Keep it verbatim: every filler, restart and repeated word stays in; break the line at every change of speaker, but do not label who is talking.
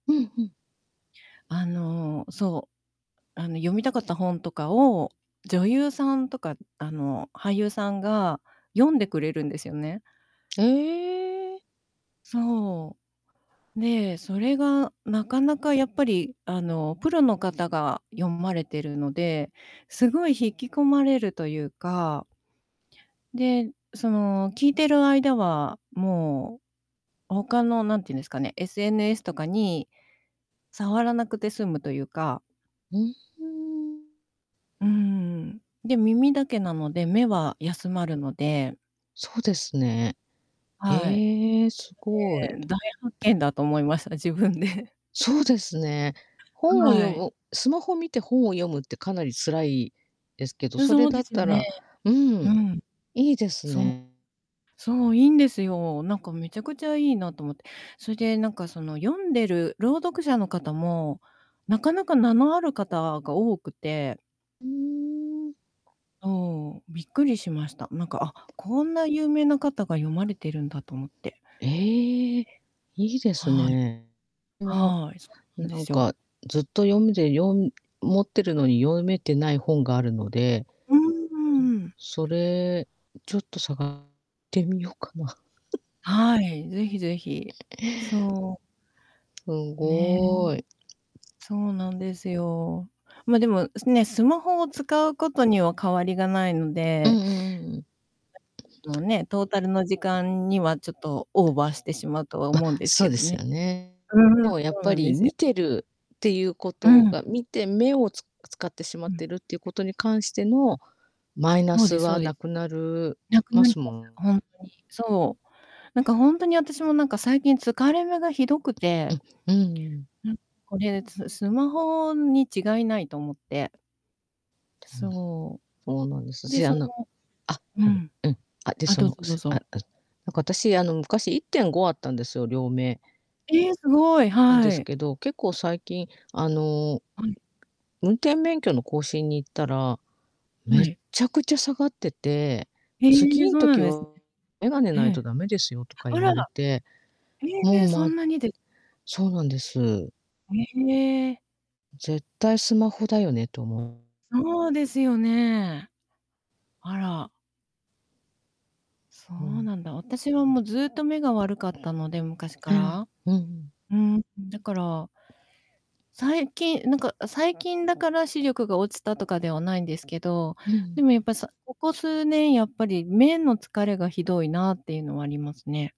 うん、ふん。
あの、そう、あの、読みたかった本とかを、女優さんとか、あの、俳優さんが読んでくれるんですよね。
ええ。
そう。で、それがなかなかやっぱり、あの、プロの方が読まれてるので、すごい引き込まれるというかで、その、聞いてる間は、もう他の、なんて言うんですかね、SNS とかに触らなくて済むというか
うーん。
うーん、で、耳だけなので、目は休まるので
そうですね。
はい。
へえ、すご
な
い。
んで、大発見だと思いました、自分で。
そうですね。本を
は
読
い。
むスマホ見て本を読むってかなり辛いですけど、
ん、
それ
そう
だ
で
っ
すよ
た
ね。
ら、う
う
ん、
ん。
いいです
そう。
ね。
そう、いいんですよ。なんかめちゃくちゃいいなと思って。それで、なんか、その読んでる朗読者の方も、なかなか名のある方が多くて
うーん。
そう、びっくりしました。なんか、あ、こんな有名な方が読まれてるんだと思って。
ええ、いいです
はい。
ね。も
はい。そう
う、
なんで
なん
すよ。
か、ずっと読んでよん持ってるのに読めてない本があるので、
うんうん。
そ-それ、ちょっと探てみようかな。
はい、是非是非。そう。
すん
ねえ。
ごい。
そうなんですよ。ま、でも、すね、スマホを使うことには変わりがないの
うんう
で
んうんうん。
のね、トータルの時間にはちょっとオーバーしてしまうとは
ま、
思うんです
そう
け
で
ど
す
ね。
よね。
うー
で
ん、
もやっ
そう
ぱ
なん
り
です
見
よ。
てるっていうこ
う
と
ん。
が、見て目をつ使ってしまっ
う
て
ん。
るってことに関してのマイナ
そう
ス
です、そ
は
うで
無くなる
なく
ま
なり
すも
ます。
ん。
ほんとに。そう。なんかほんとに私も、なんか、最近疲れ目が酷く
う
て。
ん、うーん。
うん、これ、ススマホに違いないと思って。
でも、
そ
そうなんです。
う。で、
しあ
そ
の
の
あ
う
はい、
ん。
うん、あ、で、
あ、
そ
どう
の、
ぞ
お
どう
すあ、う
ぞ。
ん、なんか、私、あの、昔いってんごあったんですよ、両目。
ええ、すごい。
なんで
は
す
い。
けど、結構最近、あの
はい。
運転免許の更新に行ったら、め
は
っ
い。
ちゃくちゃ下がってて
へえ、
「次ん
そうなん
時
です。
は、眼鏡
え
ないと
え。
だめですよ」とか
あ
言
ら
われ
ら。
て、
へえ、
もう、
そ
ま、
んなにで
そうなんです。
へえ。
絶対スマホだよねと思う。
そうですよね。あら。そ
う
う
ん。
なんだ、私はもうずっと目が悪かったので、昔か
うん
ら。
うん。
うーん、だから最近、なんか、最近、だから視力が落ちたとかではないんですけど、
うん。
でもやっぱさここ数年やっぱり目の疲れがひどいなっていうのはありますね。